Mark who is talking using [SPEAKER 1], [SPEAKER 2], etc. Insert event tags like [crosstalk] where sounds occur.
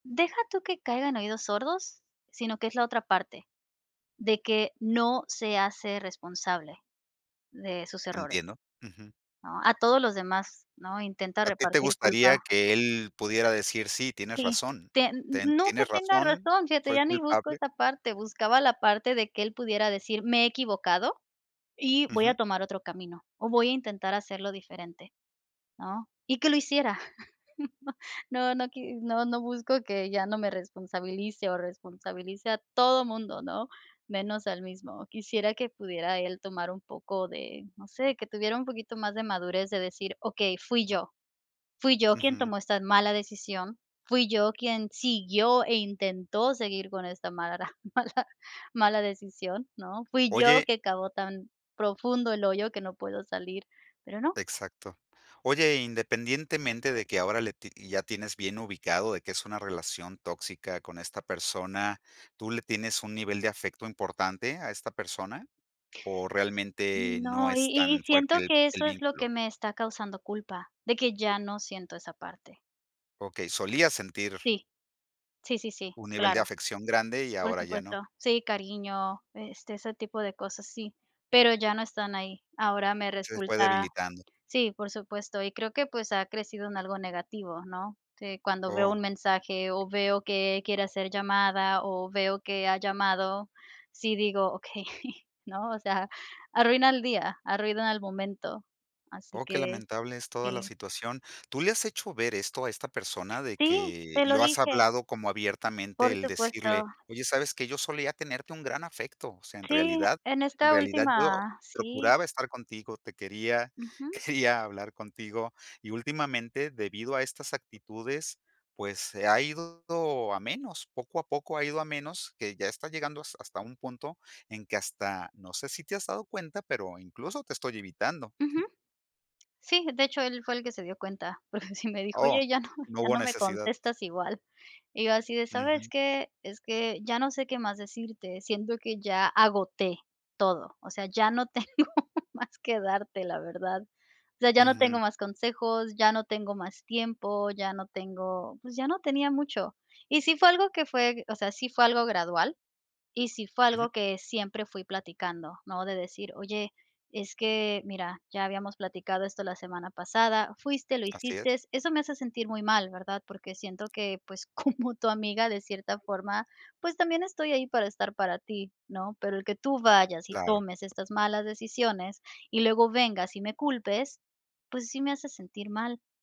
[SPEAKER 1] Deja tú que caiga en oídos sordos, sino, que es la otra parte. De que, no se hace responsable de sus errores.
[SPEAKER 2] Entiendo. Ujú.
[SPEAKER 1] ¿No? A todos los demás, ¿no? Intenta,
[SPEAKER 2] ¿A ti te
[SPEAKER 1] repartir
[SPEAKER 2] gustaría,
[SPEAKER 1] culpa
[SPEAKER 2] que él pudiera decir: "Sí, tienes
[SPEAKER 1] Sí,
[SPEAKER 2] razón.
[SPEAKER 1] tien
[SPEAKER 2] Ten
[SPEAKER 1] n no, que
[SPEAKER 2] tienes
[SPEAKER 1] tenga
[SPEAKER 2] razón,
[SPEAKER 1] razón, fíjate,
[SPEAKER 2] soy
[SPEAKER 1] ya ni busco
[SPEAKER 2] culpable"?
[SPEAKER 1] esa parte, buscaba la parte, de que él pudiera decir: "Me he equivocado, y voy a
[SPEAKER 2] Ujú.
[SPEAKER 1] tomar otro camino. O voy a intentar hacerlo diferente, ¿no?". Y que lo hiciera. [laughs] No no qui no, no busco que ya no me responsabilice, o responsabilice a todo mundo, ¿no? Menos a él mismo. Quisiera, que pudiera él tomar un poco de, no sé, que tuviera un poquito más de madurez, de decir: "Okey, fui yo fui yo quien
[SPEAKER 2] Ujú.
[SPEAKER 1] tomó esta mala decisión, fui yo quien siguió e intentó seguir con esta mala, [chuckles] mala, mala decisión, ¿no? Fui yo,
[SPEAKER 2] Oye
[SPEAKER 1] que cavó tan profundo el hoyo, que no puedo salir". Pero no.
[SPEAKER 2] Exacto. Oye, independientemente de que ahora le ti ya tienes bien ubicado, de que es una relación tóxica con esta persona, ¿tú le tienes un nivel de afecto importante a esta persona, o realmente no
[SPEAKER 1] No, y
[SPEAKER 2] es
[SPEAKER 1] y y
[SPEAKER 2] tan
[SPEAKER 1] siento,
[SPEAKER 2] fuerte
[SPEAKER 1] que
[SPEAKER 2] el
[SPEAKER 1] eso es lo
[SPEAKER 2] vínculo?
[SPEAKER 1] que me está causando culpa, de que ya, no siento esa parte.
[SPEAKER 2] Okey, solía sentir
[SPEAKER 1] Sí. Sí, sí, sí,
[SPEAKER 2] un nivel de
[SPEAKER 1] claro.
[SPEAKER 2] afección grande, y
[SPEAKER 1] Por
[SPEAKER 2] ahora ya no.
[SPEAKER 1] supuesto. Sí, cariño, este, ese tipo de cosas, sí, pero ya no están ahí. Ahora me
[SPEAKER 2] Se fue
[SPEAKER 1] resulta
[SPEAKER 2] debilitando.
[SPEAKER 1] sí, por supuesto, y creo que, pues, ha crecido en algo negativo, ¿no? Que cuando veo
[SPEAKER 2] Oh.
[SPEAKER 1] un mensaje, o veo que quiere hacer llamada, o veo que ha llamado, sí digo: "Okey, [chuckles] ¿no?" O sea, arruina el día, arruina el momento, así
[SPEAKER 2] Oh, qué
[SPEAKER 1] que,
[SPEAKER 2] lamentable es toda la
[SPEAKER 1] sí.
[SPEAKER 2] situación. ¿Tú le has hecho ver esto a esta persona? De
[SPEAKER 1] ¡Sí!
[SPEAKER 2] que
[SPEAKER 1] Se lo
[SPEAKER 2] lo has
[SPEAKER 1] dije.
[SPEAKER 2] hablado como abiertamente
[SPEAKER 1] Por
[SPEAKER 2] el decirle:
[SPEAKER 1] supuesto.
[SPEAKER 2] "Oye, ¿sabes qué? Yo solía tenerte un gran afecto, o sea, en
[SPEAKER 1] Sí,
[SPEAKER 2] realidad
[SPEAKER 1] en
[SPEAKER 2] en
[SPEAKER 1] esta
[SPEAKER 2] realidad, yo
[SPEAKER 1] última, sí.
[SPEAKER 2] procuraba estar contigo, te quería,
[SPEAKER 1] Ujú.
[SPEAKER 2] quería hablar contigo y, últimamente, debido a estas actitudes, pues, se ha ido a menos, poco a poco ha ido a menos, que ya está llegando has hasta un punto en que hasta, no sé si te has dado cuenta, pero incluso, te estoy evitando".
[SPEAKER 1] Ujú. Sí, de hecho él fue el que se dio cuenta, porque, sí me dijo:
[SPEAKER 2] Oh,
[SPEAKER 1] "Oye, ya no
[SPEAKER 2] no
[SPEAKER 1] ya
[SPEAKER 2] hubo
[SPEAKER 1] no me
[SPEAKER 2] necesidad.
[SPEAKER 1] contestas igual". Y yo así de: "¿Sabes
[SPEAKER 2] Ujú.
[SPEAKER 1] qué? Es que ya, no sé, qué más decirte, siento que ya agoté todo. O sea, ya no tengo más que darte, la verdad. O sea, ya no tengo
[SPEAKER 2] Ujú.
[SPEAKER 1] más consejos, ya no tengo más tiempo, ya no tengo, pues, ya no tenía mucho". Y sí fue algo que fue o sea, sí fue algo gradual, y sí fue
[SPEAKER 2] Ujú.
[SPEAKER 1] algo que siempre fui platicando, ¿no? De decir: "Oye, es que mira, ya habíamos platicado esto la semana pasada. Fuiste, lo
[SPEAKER 2] Así es.
[SPEAKER 1] hiciste, eso me hace sentir muy mal, ¿verdad? Porque siento que, pues, como tu amiga, de cierta forma, pues, también estoy ahí, para estar para ti, ¿no? Pero el que tú vayas y
[SPEAKER 2] Claro.
[SPEAKER 1] tomes estas malas decisiones, y luego vengas y me culpes, pues, sí me hace sentir mal".